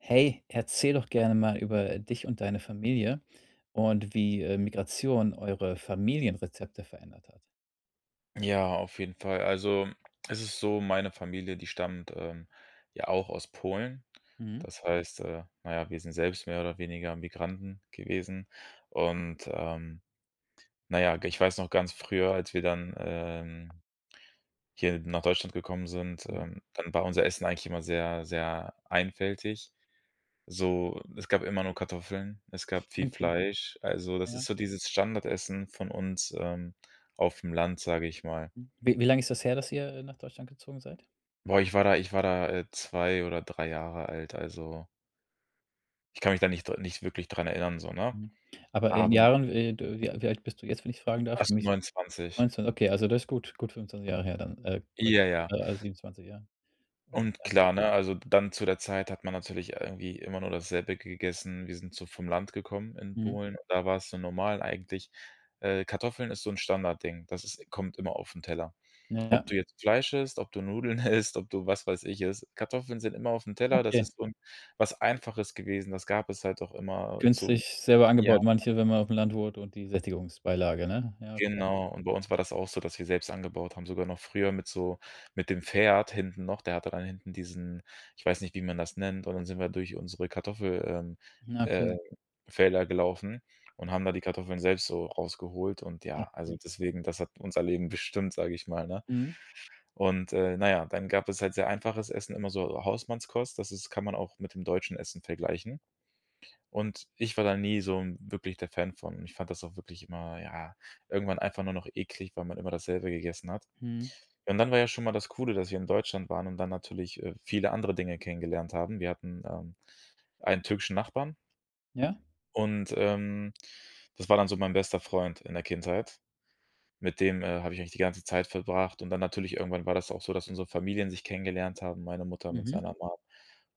Hey, erzähl doch gerne mal über dich und deine Familie und wie, äh, Migration eure Familienrezepte verändert hat. Ja, auf jeden Fall. Also es ist so, meine Familie, die stammt, ähm, ja auch aus Polen. Mhm. Das heißt, äh, na ja, wir sind selbst mehr oder weniger Migranten gewesen. Und, ähm, na ja, g ich weiß noch, ganz früher, als wir dann, ähm, hier nach Deutschland gekommen sind, Mhm. ähm, dann war unser Essen eigentlich immer sehr, sehr einfältig. So, es gab immer nur Kartoffeln, es gab viel Okay. Fleisch. Also, das Ja. ist so dieses Standardessen von uns, ähm, aufm Land, sage ich mal. M w wie lang ist das her, dass ihr nach Deutschland gezogen seid? Boah, ich war da ich war da, äh, 2 oder 3 Jahre alt, also ich kann mich da nicht dr nicht wirklich dran erinnern so, ne. Mhm, aber in Aber Jahren, äh d wie al wie alt bist du jetzt, wenn ich fragen darf? Fast [unintelligible] 29. 19, okay, also das ist gut, gut 25 Jahre her, dann, äh, gu Ja, ja. ah 27 Jahre, Und ja. klar, ne, also dann zu der Zeit hat man natürlich irgendwie immer nur dasselbe gegessen. Wir sind so vom Land gekommen in Mhm. Polen. Da war es so normal eigentlich, äh Kartoffeln ist so 'n Standardding. Das ist-– kommt immer aufn Teller. Na ja. Ob du jetzt Fleisch isst, ob du Nudeln isst, ob du, was weiß ich, isst, Kartoffeln sind immer aufn Teller, das Okay. ist so 'n was Einfaches gewesen, das gab es halt doch immerzu. Günstig selber Ja. angebaut manche, wenn man aufm Land wohnt und die Sättigungsbeilage, ne? Ja, okay. Genau. Und bei uns war das auch so, dass wir selbst angebaut haben, sogar noch früher mit so mit dem Pferd hinten noch. Der hatte dann hinten diesen, ich weiß nicht, wie man das nennt, und dann sind wir durch unsere Kartoffel, ähm, Na, okay. äh, Felder gelaufen und haben da die Kartoffeln selbst so rausgeholt und ja. Auch Also cool. deswegen, das hat unser Leben bestimmt, sage ich mal, ne? Mhm. Und, äh, na ja, dann gab es halt sehr einfaches Essen, immer so Hausmannskost, das ist kann man auch mit dem deutschen Essen vergleichen. Und ich war da nie so 'n wirklich der Fan von. Ich fand das auch wirklich immer, ja, irgendwann einfach nur noch eklig, weil man immer dasselbe gegessen hat. Mhm. Und dann war ja schon mal das Coole, dass wir in Deutschland waren und dann natürlich, äh, viele andere Dinge kennengelernt haben. Wir hatten, ähm, einen türkischen Nachbarn Ja. und, ähm, das war dann so mein bester Freund in der Kindheit. Mit dem, äh, habe ich eigentlich die ganze Zeit verbracht und dann natürlich, irgendwann war das auch so, dass unsere Familien sich kennengelernt haben, meine Mutter mit Mhm. seiner Mom.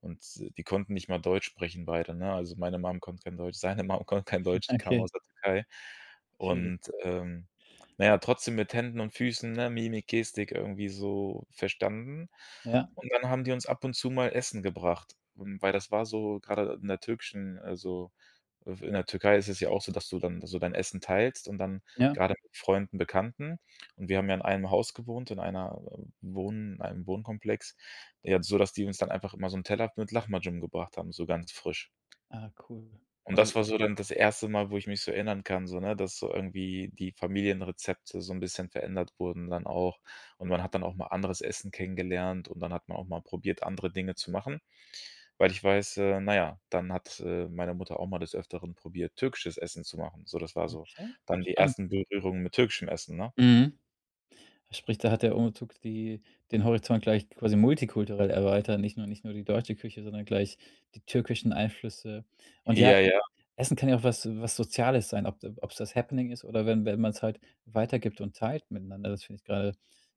Und die konnten nicht mal Deutsch sprechen, beide, ne? Also, meine Mum konnte kein Deutsch, seine Mum konnte kein Deutsch, die kamen Okay. aus der Türkei. Schwierig. Und, ähm, na ja, trotzdem mit Händen und Füßen, ne, Mimik, Gestik irgendwie so verstanden. Ja. Und dann haben die uns ab und zu mal Essen gebracht. Und weil, das war so, gerade in der türkischen, also f in der Türkei ist es ja auch so, dass du dann so dein Essen teilst und dann Ja. gerade mit Freunden, Bekannten. Und wir haben ja in einem Haus gewohnt, in einer Wohn in einem Wohnkomplex, ja, so, dass die uns dann einfach immer so 'n Teller mit Lahmacun gebracht haben, so ganz frisch. Ah cool. Und Also das war so dann das erste Mal, wo ich mich so erinnern kann, so, ne, dass so irgendwie die Familienrezepte so 'n bisschen verändert wurden dann auch. Und man hat dann auch mal anderes Essen kennengelernt und dann hat man auch mal probiert, andere Dinge zu machen, weil ich weiß äh, na ja, dann hat, äh, meine Mutter auch mal des Öfteren probiert, türkisches Essen zu machen. So, das war so Okay, dann die spannend. ersten Berührungen mit türkischem Essen, ne? Mhm. Sprich, da hat der Umzug die den Horizont gleich quasi multikulturell erweitert. Nicht nur nicht nur die deutsche Küche, sondern gleich die türkischen Einflüsse. Und ja, Ja, ja. Essen kann ja auch was was Soziales sein, ob d obs das Happening ist oder wenn wenn man es halt weitergibt und teilt miteinander. Das finde ich gerade,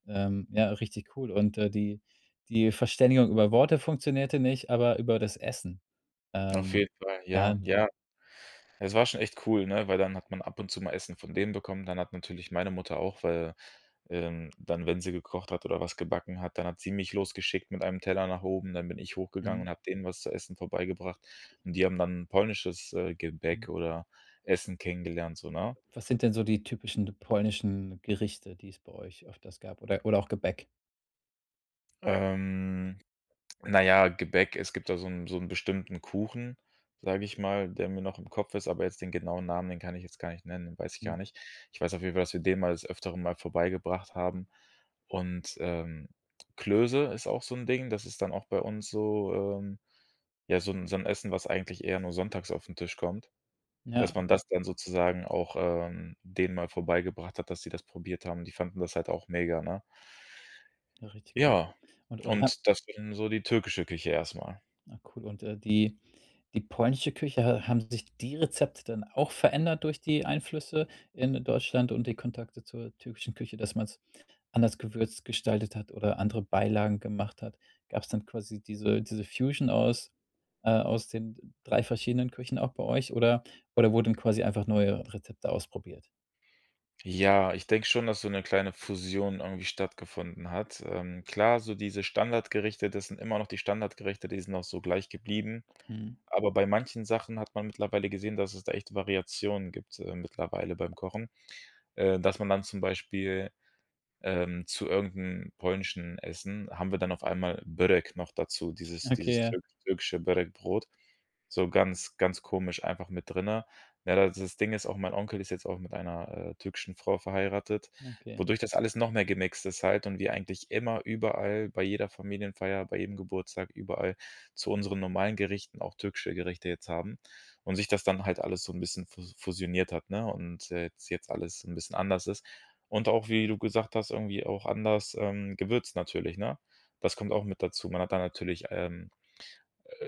ähm, ja, richtig cool. Und, äh, die die Verständigung über Worte funktionierte nicht, aber über das Essen. Auf Ähm. jeden Fall, Ja. ja, ja. Es war schon echt cool, ne, weil dann hat man ab und zu mal Essen von denen bekommen. Dann hat natürlich meine Mutter auch, weil, ähm dann, wenn sie gekocht hat oder was gebacken hat, dann hat sie mich losgeschickt mit einem Teller nach oben. Dann bin ich hochgegangen Mhm. und hab denen was zu essen vorbeigebracht. Und die haben dann 'n polnisches, äh, Mhm. Gebäck oder Essen kennengelernt, so, ne? Was sind denn so die typischen polnischen Gerichte, die es bei euch öfters gab oder oder auch Gebäck? Ähm, na ja, Gebäck, es gibt da so 'n so 'n bestimmten Kuchen, sage ich mal, der mir noch im Kopf ist, aber jetzt den genauen Namen, den kann ich jetzt gar nicht nennen, den weiß ich gar Mhm. nicht. Ich weiß auf jeden Fall, dass wir den mal des Öfteren mal vorbeigebracht haben. Und, ähm, Klöße ist auch so 'n Ding, das ist dann auch bei uns so, ähm ja, so 'n so 'n Essen, was eigentlich eher nur sonntags auf 'n Tisch kommt. Ja. Dass man das dann sozusagen auch, ähm, denen mal vorbeigebracht hat, dass sie das probiert haben und die fanden das halt auch mega, ne? Ja richtig cool. Ja, Und und ha und das wäre dann so die türkische Küche erst mal. Na cool und, äh, die die polnische Küche, ha haben sich die Rezepte dann auch verändert durch die Einflüsse in Deutschland und die Kontakte zur türkischen Küche, dass man's anders gewürzt gestaltet hat oder andere Beilagen gemacht hat? Gab's dann quasi diese diese Fusion aus, äh, aus den 3 verschiedenen Küchen auch bei euch oder oder wurden quasi einfach neue Rezepte ausprobiert? Ja, ich denke schon, dass so 'ne kleine Fusion irgendwie stattgefunden hat. Ähm, klar, so diese Standardgerichte, das sind immer noch die Standardgerichte, die sind auch so gleich geblieben. Mhm. Aber bei manchen Sachen hat man mittlerweile gesehen, dass es da echte Variationen gibt, äh, mittlerweile beim Kochen. Äh, dass man dann zum Beispiel, ähm, zu irgend 'n polnischen Essen, haben wir dann auf einmal Börek noch dazu, dieses Okay. dieses Ja. türki türkische Börek Brot. So ganz ganz komisch einfach mit drinnen. Na das-das Ding ist auch, mein Onkel ist jetzt auch mit einer, äh, türkischen Frau verheiratet, Ah. Okay. wodurch das alles noch mehr gemixt ist halt und wir eigentlich immer, überall, bei jeder Familienfeier, bei jedem Geburtstag, überall zu unseren normalen Gerichten auch türkische Gerichte jetzt haben. Und sich das dann halt alles so 'n bisschen fus fusioniert hat, ne? Und, äh, jetz jetzt alles 'n bisschen anders ist. Und auch, wie du gesagt hast, irgendwie auch anders, ähm, gewürzt natürlich, ne? Das kommt auch mit dazu. Man hat da natürlich, ähm,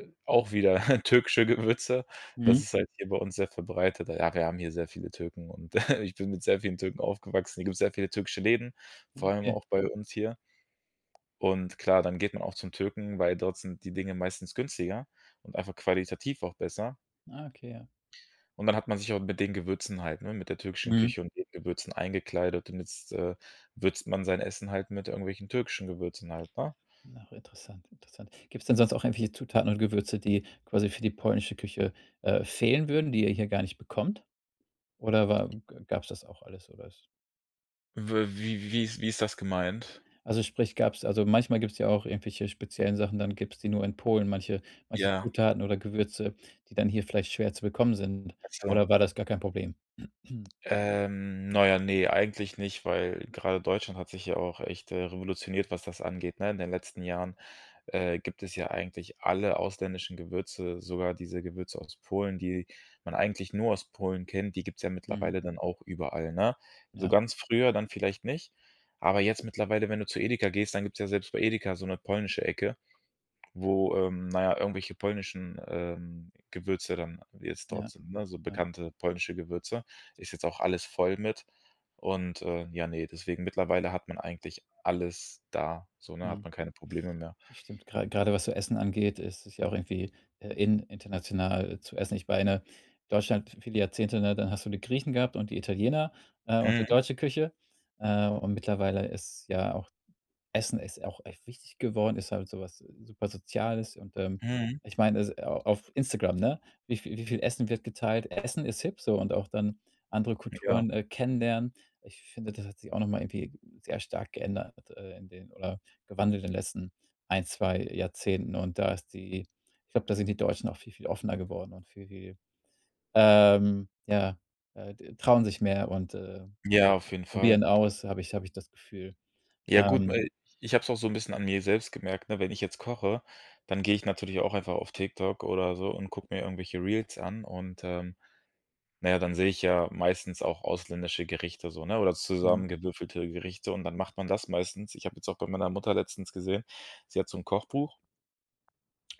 äh, auch wieder türkische Gewürze. Mhm. Das ist halt hier bei uns sehr verbreitet. Ah ja, wir haben hier sehr viele Türken und ich bin mit sehr vielen Türken aufgewachsen. Hier gibt's sehr viele türkische Läden, Ja. vor allem Okay. auch bei uns hier. Und klar, dann geht man auch zum Türken, weil dort sind die Dinge meistens günstiger und einfach qualitativ auch besser. Ah, okay, ja. Und dann hat man sich auch mit den Gewürzen halt, ne, mit der türkischen Mhm. Küche und den Gewürzen eingekleidet damit's, äh, würzt man sein Essen halt mit irgendwelchen türkischen Gewürzen halt, ne? Auch interessant, interessant. Gibt's denn sonst auch irgendwelche Zutaten und Gewürze, die quasi für die polnische Küche, äh, fehlen würden, die ihr hier gar nicht bekommt? Oder wa g gab's das auch alles, sowas? W wie wie ist wie ist ist das gemeint? Also sprich, gab es also manchmal gibt es ja auch irgendwelche speziellen Sachen, dann gibt es die nur in Polen, manche manche Ja. Zutaten oder Gewürze, die dann hier vielleicht schwer zu bekommen sind Ach so. oder war das gar kein Problem? Ähm, na ja, ne, eigentlich nicht, weil gerade Deutschland hat sich ja auch echt, äh, revolutioniert, was das angeht, ne? In den letzten Jahren, äh, gibt es ja eigentlich alle ausländischen Gewürze, sogar diese Gewürze aus Polen, die man eigentlich nur aus Polen kennt, die gibt es ja Mhm. mittlerweile dann auch überall, ne? So Ja. ganz früher dann vielleicht nicht. Aber jetzt mittlerweile, wenn du zu Edeka gehst, dann gibt es ja selbst bei Edeka so 'ne polnische Ecke, wo, ähm, na ja, irgendwelche polnischen, ähm, Gewürze dann jetzt dort Ja. sind, ne, so Ja. bekannte polnische Gewürze. Ist jetzt auch alles voll mit und äh, ja, ne, deswegen, mittlerweile hat man eigentlich alles da so, ne, hat Mhm. man keine Probleme mehr. Das stimmt, gra grade was so Essen angeht, ist es ja auch irgendwie in international zu essen. Ich meine, Deutschland, viele Jahrzehnte ne, dann hast du die Griechen gehabt und die Italiener, äh, und die Mhm. deutsche Küche. Äh, und mittlerweile ist ja auch Essen ist auch echt wichtig geworden, ist halt so was super Soziales und, ähm, Mhm. ich meine, es au auf Instagram, ne, wie vie wie viel Essen wird geteilt? Essen ist hip, so und auch dann andere Ja. Kulturen, äh, kennenlernen. Ich finde, das hat sich auch noch mal irgendwie sehr stark geändert, äh, in den oder gewandelt in den letzten 1, 2 Jahrzehnten und da ist die ich glaube, da sind die Deutschen auch viel, viel offener geworden und viel, viel, ähm, ja, äh, d trauen sich mehr und, äh, Ja, auf jeden Fall. probieren aus, habe ich habe ich das Gefühl. Ja gut, Ähm. weil ich habe es auch so 'n bisschen an mir selbst gemerkt, ne? Wenn ich jetzt koche, dann gehe ich natürlich auch einfach auf TikTok oder so und guck mir irgendwelche Reels an. Und, ähm, na ja, dann sehe ich ja meistens auch ausländische Gerichte so, ne? Oder Mhm. zusammengewürfelte Gerichte und dann macht man das meistens. Ich habe jetzt auch bei meiner Mutter letztens gesehen, sie hat so 'n Kochbuch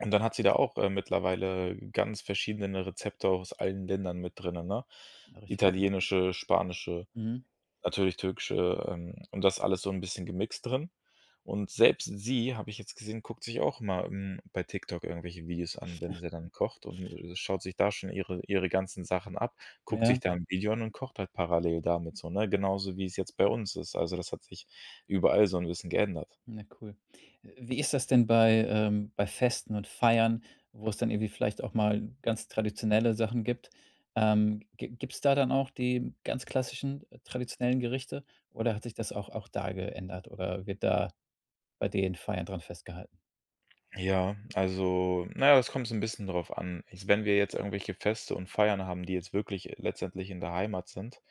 und dann hat sie da auch, äh, mittlerweile ganz verschiedene Rezepte aus allen Ländern mit drinnen, ne? Richtig cool. Italienische, spanische, Mhm. natürlich türkische, ähm, und da ist alles so 'n bisschen gemixt drin. Und selbst sie, habe ich jetzt gesehen, guckt sich auch mal, hm, bei TikTok irgendwelche Videos an, wenn sie dann kocht und, äh, schaut sich da schon ihre ihre ganzen Sachen ab, guckt sich Ja. da 'n Video an und kocht halt parallel damit so, ne? Genauso wie es jetzt bei uns ist. Also das hat sich überall so 'n bisschen geändert. Ja, cool. Wie ist das denn bei, ähm, bei Festen und Feiern, wo es dann irgendwie vielleicht auch mal ganz traditionelle Sachen gibt? Ähm, gi gibt es da dann auch die ganz klassischen traditionellen Gerichte oder hat sich das auch auch da geändert oder wird da bei den Feiern dran festgehalten? Ja, also, na ja, es kommt so 'n bisschen drauf an. Ich wenn wir jetzt irgendwelche Feste und Feiern haben, die jetzt wirklich e letztendlich in der Heimat sind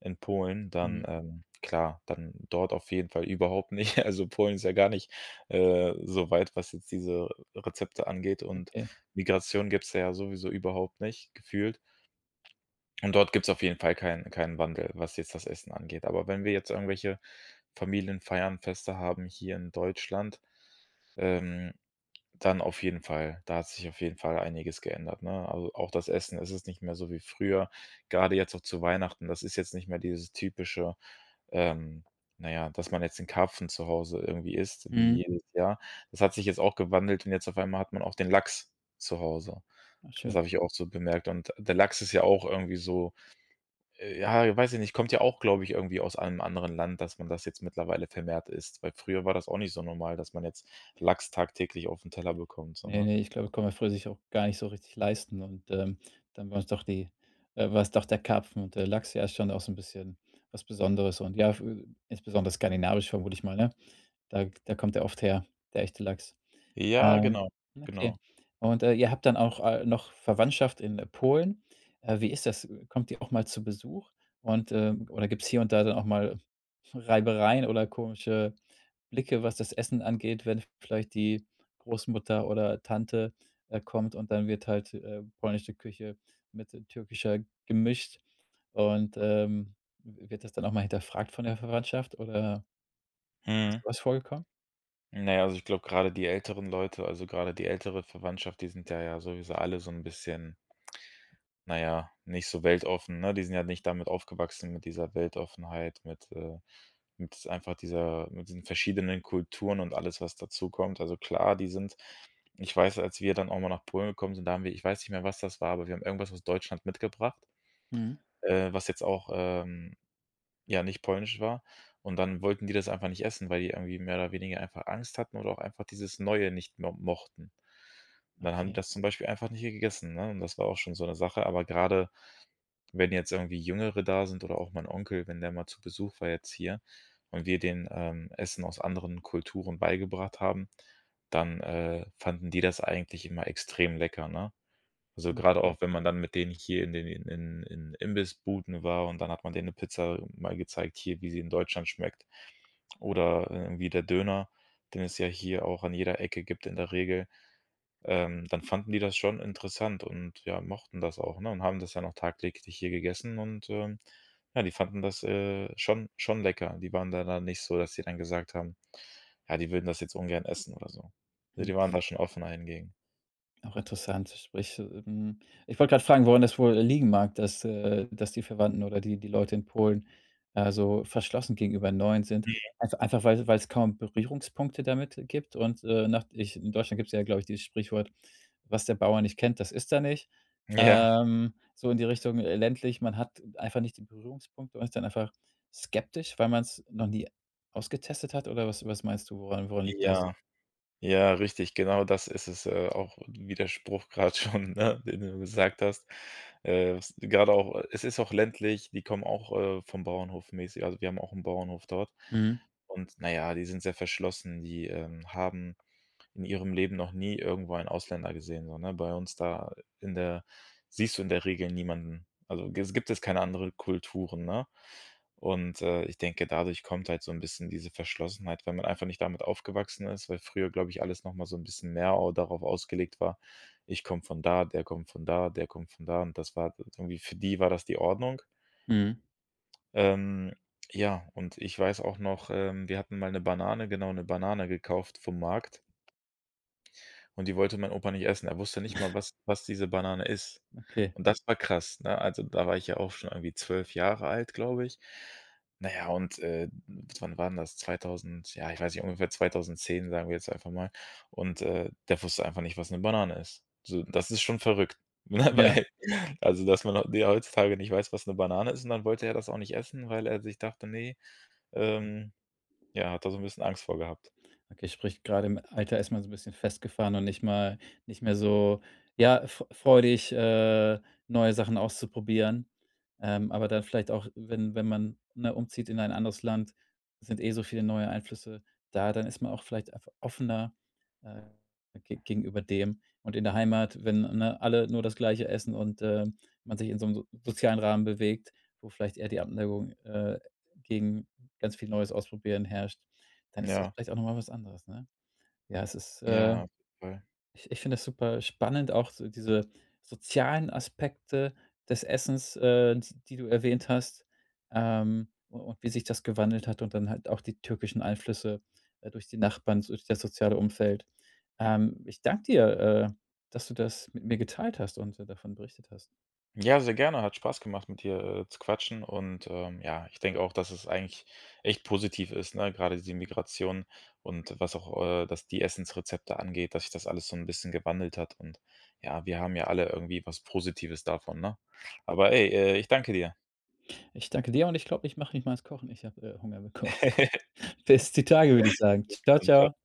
in Polen, Mhm. dann ähm, klar, dann dort auf jeden Fall überhaupt nicht. Also Polen ist ja gar nicht, äh, soweit, was jetzt diese Rezepte angeht und Okay. Migration gibt's da ja sowieso überhaupt nicht gefühlt. Und dort gibt's auf jeden Fall keinen keinen Wandel, was jetzt das Essen angeht. Aber wenn wir jetzt irgendwelche Familienfeiern, Feste haben hier in Deutschland, ähm, dann auf jeden Fall! Da hat sich auf jeden Fall einiges geändert, ne? Also auch das Essen es ist nicht mehr so wie früher, grade jetzt auch zu Weihnachten. Das ist jetzt nicht mehr dieses typische, ähm, na ja, dass man jetzt den Karpfen zu Hause irgendwie isst, Mhm. wie jedes Jahr. Das hat sich jetzt auch gewandelt und jetzt auf einmal hat man auch den Lachs zu Hause. Ach Das schön. habe ich auch so bemerkt. Und der Lachs ist ja auch irgendwie so, äh ja, weiß ich nicht, kommt ja auch, glaube ich, irgendwie aus einem anderen Land, dass man das jetzt mittlerweile vermehrt isst. Weil früher war das auch nicht so normal, dass man jetzt Lachs tagtäglich auf den Teller bekommt, Ne, sondern ne, ich glaube, konnte man früher sich auch gar nicht so richtig leisten und, ähm, dann war's doch die äh, war's doch der Karpfen und der Lachs, ja, ist schon auch so 'n bisschen was Besonderes und ja, fü insbesondere skandinavisch vermute ich mal, ne? Da g da kommt der oft her, der echte Lachs. Ja! Ähm, Genau, okay. genau. Und, äh, ihr habt dann auch, äh, noch Verwandtschaft in, äh, Polen. Äh, wie ist das? Kommt die auch mal zu Besuch? Und, äh oder gibt's hier und da dann auch mal Reibereien oder komische Blicke, was das Essen angeht, wenn vielleicht die Großmutter oder Tante, äh, kommt und dann wird halt, äh, polnische Küche mit, äh, türkischer gemischt und, ähm, w wird das dann auch mal hinterfragt von der Verwandtschaft oder ist Mhm. sowas vorgekommen? Na ja, also ich glaube grade die älteren Leute, also grade die ältere Verwandtschaft, die sind da ja sowieso alle so 'n bisschen na ja, nicht so weltoffen, ne? Die sind ja nicht damit aufgewachsen mit dieser Weltoffenheit, mit äh, mit einfach dieser mit diesen verschiedenen Kulturen und alles, was dazukommt. Also klar, die sind ich weiß, als wir dann auch mal nach Polen gekommen sind, da haben wir ich weiß nicht mehr, was das war, aber wir haben irgendwas aus Deutschland mitgebracht, Mhm. äh, was jetzt auch, ähm, ja, nicht polnisch war. Und dann wollten die das einfach nicht essen, weil die irgendwie mehr oder weniger einfach Angst hatten oder auch einfach dieses Neue nicht mo mochten. Und dann haben die Okay. das zum Beispiel einfach nicht hier gegessen, ne? Und das war auch schon so 'ne Sache. Aber grade, wenn jetzt irgendwie Jüngere da sind oder auch mein Onkel, wenn der mal zu Besuch war jetzt hier und wir denen, ähm, Essen aus anderen Kulturen beigebracht haben, dann, äh, fanden die das eigentlich immer extrem lecker, ne? Also Ja grade cool. auch, wenn man dann mit denen hier in den in in in Imbissbuden war und dann hat man denen 'ne Pizza, mal gezeigt, hier, wie sie in Deutschland schmeckt. Oder, äh, wie der Döner, den es ja hier auch an jeder Ecke gibt in der Regel, ähm, dann fanden die das schon interessant und, ja, mochten das auch, ne, und haben das dann auch tagtäglich hier gegessen und, ähm, ja, die fanden das, äh, schon schon lecker. Die waren da da nicht so, dass sie dann gesagt haben, ja, die würden das jetzt ungern essen oder so. Ne, Mhm die waren da schon offener hingegen. Auch interessant, sprich, hm ich wollte grad fragen, woran das wohl liegen mag, dass, äh dass die Verwandten oder die die Leute in Polen, äh, so verschlossen gegenüber Neuen sind. Mhm. Einfa einfach, weil weil's kaum Berührungspunkte damit gibt und, äh nach ich in Deutschland gibt's ja, glaube ich, dieses Sprichwort: „Was der Bauer nicht kennt, das isst er nicht“, Ja. ähm, so in die Richtung. Äh, ländlich, man hat einfach nicht die Berührungspunkte, man ist dann einfach skeptisch, weil man's noch nie ausgetestet hat oder was was meinst du, woran woran liegt das? Ja. Ja, richtig, genau. Das ist es, äh auch Widerspruch grad schon, ne? Den du gesagt hast. Äh, was gerade auch es ist auch ländlich, die kommen auch, äh, vom Bauernhof, mäßig. Also wir haben auch 'n Bauernhof dort Mhm. und, na ja, die sind sehr verschlossen. Die, ähm, haben in ihrem Leben noch nie irgendwo einen Ausländer gesehen, so, ne, bei uns da in der siehst du in der Regel niemanden. Also, g es gibt es keine andere Kulturen, ne? Und, äh, ich denke, dadurch kommt halt so 'n bisschen diese Verschlossenheit, weil man einfach nicht damit aufgewachsen ist. Weil früher, glaube ich, alles noch mal so 'n bisschen mehr au darauf ausgelegt war: Ich komme von da, der kommt von da, der kommt von da. Und das war irgendwie für die war das die Ordnung. Mhm. Ähm, ja, und ich weiß auch noch, ähm: Wir hatten mal 'ne Banane genau, 'ne Banane gekauft vom Markt und die wollte mein Opa nicht essen. Er wusste nicht mal, was was diese Banane ist. Okay. Und das war krass, ne? Also, da war ich ja auch schon irgendwie 12 Jahre alt, glaube ich. Na ja, und, äh, n wann war 'n das? 2000 ja, ich weiß nicht, ungefähr 2010, sagen wir jetzt einfach mal. Und, äh, der wusste einfach nicht, was 'ne Banane ist. So, das ist schon verrückt. Ne, M ja. weil also dass man heu die heutzutage nicht weiß, was 'ne Banane ist. Und dann wollte er das auch nicht essen, weil er sich dachte: „Ne.“ Ähm, ja, hat da so 'n bisschen Angst vor gehabt. Okay, spricht gerade im Alter ist man so 'n bisschen festgefahren und nicht mal nicht mehr so, ja, f freudig, äh, neue Sachen auszuprobieren. Ähm, aber dann vielleicht auch, wenn wenn man, ne, umzieht in ein anderes Land sind eh so viele neue Einflüsse da, dann ist man auch vielleicht einfach offener, äh, ge gegenüber dem. Und in der Heimat, wenn, ne, alle nur das Gleiche essen und, ähm, man sich in so 'nem so sozialen Rahmen bewegt, wo vielleicht eher die Abneigung, äh, gegen ganz viel Neues ausprobieren herrscht, dann ist das Ja. vielleicht auch noch mal was anderes, ne? Ja, es ist, äh Ja, voll. ich ich finde das super spannend auch so diese sozialen Aspekte des Essens, äh, s die du erwähnt hast, ähm, u und wie sich das gewandelt hat. Und dann halt auch die türkischen Einflüsse, äh, durch die Nachbarn, durch das soziale Umfeld. Ähm, ich danke dir, äh, dass du das mit mir geteilt hast und so davon berichtet hast. Ja, sehr gerne, hat Spaß gemacht, mit dir, äh, zu quatschen. Und, ähm, ja, ich denke auch, dass es eigentlich echt positiv ist, ne? Grade die Migration und was auch, äh dass die Essensrezepte angeht, dass sich das alles so 'n bisschen gewandelt hat. Und ja, wir haben ja alle irgendwie was Positives davon, ne? Aber, ey, äh, ich danke dir. Ich danke dir und ich glaube, ich mach nicht mal ans Kochen. Ich habe, äh, Hunger bekommen. Bis die Tage, würde ich sagen. Bis Tschau, dann, tschau. tschau.